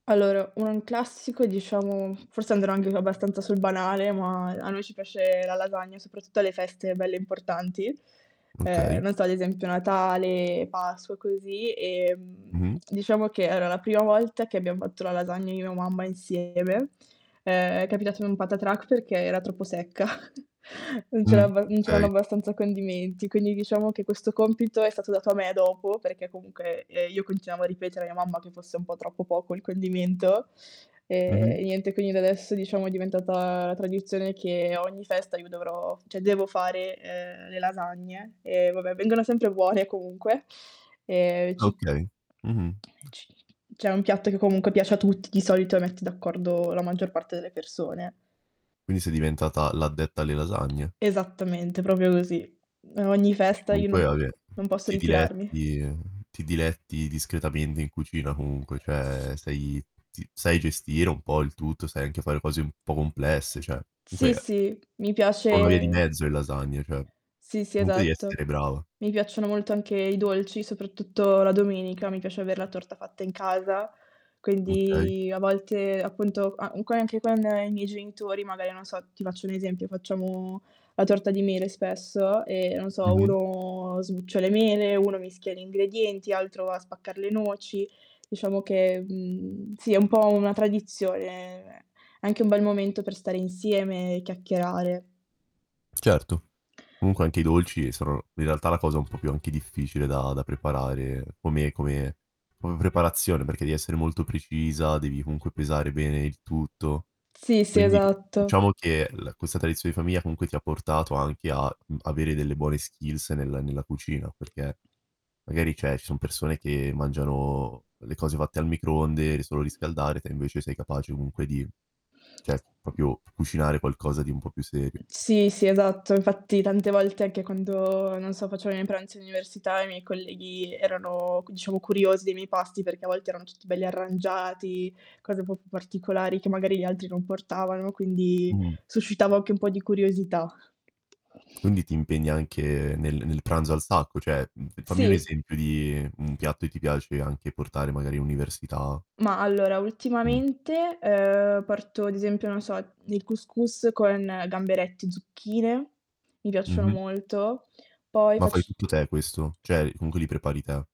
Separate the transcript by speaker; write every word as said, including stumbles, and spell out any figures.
Speaker 1: Allora un classico diciamo, forse andrò anche abbastanza sul banale, ma a noi ci piace la lasagna, soprattutto alle feste belle importanti. Ehm,
Speaker 2: Okay.
Speaker 1: non so ad esempio Natale, Pasqua, così, ehm,
Speaker 2: Mh-mh.
Speaker 1: diciamo che era la prima volta che abbiam fatto la lasagna io e mia mamma insieme. Ehm, è capitato in un patatrac perché era troppo secca. Non c'era
Speaker 2: Mh,
Speaker 1: abba non c'erano
Speaker 2: okay.
Speaker 1: abbastanza condimenti, quindi diciamo che questo compito è stato dato a me dopo perché comunque, ehm, io continuavo a ripetere a mia mamma che fosse un po' troppo poco il condimento.
Speaker 2: Mh-mh.
Speaker 1: Ehm, niente quindi da adesso diciamo è diventata la tradizione che ogni festa io dovrò cioè devo fare, ehm, le lasagne e vabbè vengono sempre buone comunque. Ehm
Speaker 2: Ah okay, mh-mh.
Speaker 1: Ci cioè è un piatto che comunque piace a tutti, di solito mette d'accordo la maggior parte delle persone.
Speaker 2: Quindi sei diventata l'addetta alle lasagne.
Speaker 1: Esattamente, propio così. Ogni
Speaker 2: Che
Speaker 1: festa io non
Speaker 2: comunque
Speaker 1: po
Speaker 2: vabbè,
Speaker 1: non posso
Speaker 2: ti
Speaker 1: ritirarmi.
Speaker 2: diletti ti diletti discretamente in cucina comunque
Speaker 1: S
Speaker 2: ceh sai ti sai gestire un po' il tutto, sai anche fare cose un po' complesse, ceh
Speaker 1: Sì,
Speaker 2: comunque
Speaker 1: sì, mi
Speaker 2: sono una via di
Speaker 1: piace
Speaker 2: mezzo le lasagne, cioè
Speaker 1: Sì, sì,
Speaker 2: comunque devi essere
Speaker 1: esatto.
Speaker 2: brava.
Speaker 1: Mi piacciono molto anche i dolci, soprattutto la domenica, mi piace aver la torta fatta in casa.
Speaker 2: Okay.
Speaker 1: Quindi a volte, appunto a co anche con i miei genitori magari non so, ti faccio un esempio, facciamo la torta di mele spesso e, non so,
Speaker 2: Mh-mh.
Speaker 1: uno sbuccio le mele, uno mischia gli ingredienti, altro va a spaccar le noci. Diciamo che, mhmm, sì è un po' una tradizione, anche un bel momento per stare insieme e chiacchierare.
Speaker 2: Certo, comunque anche i dolci sono in realtà la cosa un po' più anche difficile da da preparare come come come preparazione, perché devi essere molto precisa, devi comunque pesare bene il tutto.
Speaker 1: Sì, sì,
Speaker 2: Quindi
Speaker 1: esatto.
Speaker 2: diciamo che l questa tradizione di famiglia comunque ti portato anche a, mhmm, avere delle buone skills nel nella cucina, perché magari, ceh ci son persone che mangiano le cose fatte al microonde, le solo riscaldare, te invece sei capace comunque di cioè propio cucinare qualcosa di un po' più serio.
Speaker 1: Sì, sì, esatto. Infatti tante volte, anche quando, non so, facevo i miei pranzi all'università, i miei colleghi erano c diciamo curiosi dei miei pasti, perché a volte erano tutti belli arrangiati, cose un po' più particolari che magari gli altri non portavano, quindi
Speaker 2: Mh-mh.
Speaker 1: suscitava anche un po' di curiosità.
Speaker 2: Quindi ti impegna anche nel nel pranzo al sacco, ceh fammi un
Speaker 1: Sì.
Speaker 2: esempio di un piatto che ti piace anche portare magari università.
Speaker 1: Ma allora
Speaker 2: Mh.
Speaker 1: ultimamente, ehm, porto, ad esempio, non so, il cous cous con gamberetti, zucchine, mi piacciono
Speaker 2: Mh-mh.
Speaker 1: molto. Poi
Speaker 2: Ma fai
Speaker 1: facc
Speaker 2: tutto te questo, cioè
Speaker 1: pasta
Speaker 2: comunque li prepari te?